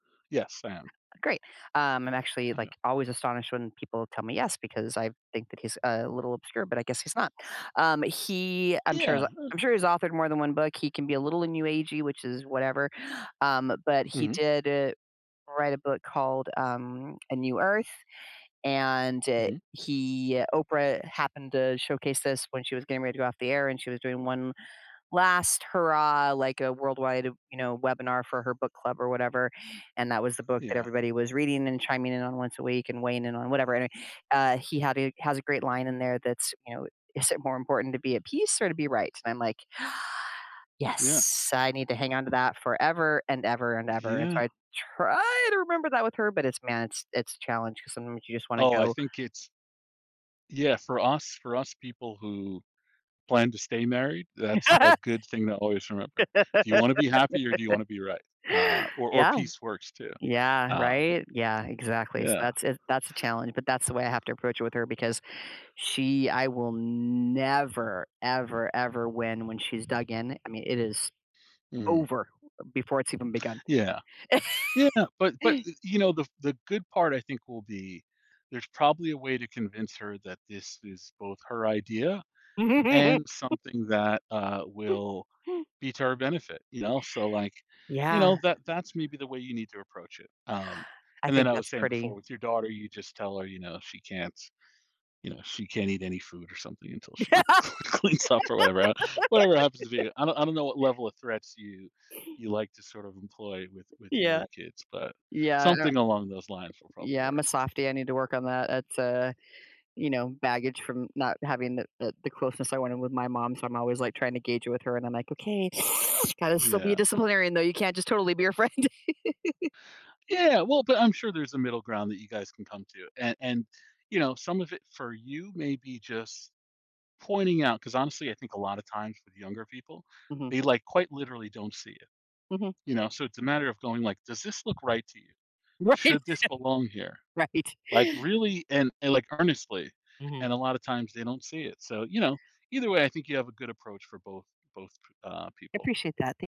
Yes, I am. Great. Um, I'm actually, I like, know. always astonished when people tell me yes because I think that he's a little obscure, but I guess he's not, um, he I'm sure he's Yeah, a uh I'm sure he's authored more than 1 book. He can be a little new agey, which is whatever, um, but he Mhm. did, uh, write a book called, um, A New Earth, and, uh, Mhm. he, uh Oprah happened to showcase this when she was getting ready to go off the air and she was doing one last hurrah, like a worldwide, you know, webinar for her book club or whatever, and that was the book that Yeah. everybody was reading and chiming in on once a week and weighing in on whatever, and, uh, he had a has a great line in there that's, you know, "Is it more important to be at peace or to be right?" And I'm like, Yeah. yes, I need to hang on to that forever and ever and ever, and Yeah. so I try to remember that with her, but it's man it's it's a challenge 'cause sometimes you just wanna Oh, I go. think it's Yeah, for us for us people who plan to stay married, that's a good thing to always remember. Do you wanna be happy or do you wanna be right? Uh, or or Yeah. peace works too, Yeah, um, right. Yeah, exactly. So yeah. that's it that's a challenge, but that's the way I have to approach it with her because she I will never, ever, ever win when she's dug in, I mean, it is Mm. over before it's even begun. Yeah. Yeah, but but, you know, the the good part I think will be there's probably a way to convince her that this is both her idea and something that, uh, will be to her benefit, you know, so like you know, Yeah. that that's maybe the way you need to approach it. Um, I and then think I that's was saying before pretty. with your daughter, you just tell her, you know, she can't you know, she can't eat any food or something until she cl cleans up or whatever, uh, whatever happens to be I don't I don't know what level of threats you you like to sort of employ with with Yeah. your kids, but Yeah, uh something along those lines will probably Yeah, I'm work. a softy, I need to work on that, it's, uh, you know, baggage from not having the the the closeness I wanted with my mom, so I'm always like trying to gauge with her and I'm like, "Okay, you gotta still be a Yeah. disciplinarian though, you can't just totally be her friend." Yeah, well, but I'm sure there's a middle ground that you guys can come to and and you know, some of it for you may be just pointing out, 'cause honestly, I think a lotta times with younger people, Mhm. they like quite literally don't see it. Mhm. You know, so it's a matter of going like, "Does this look right to you?" Right. "Should this belong here?" Right. Like, really, and and like earnestly, Mhm. and a lotta times they don't see it, so you know, either way, I think you have a good approach for both both p uh, people. Appreciate that. Thank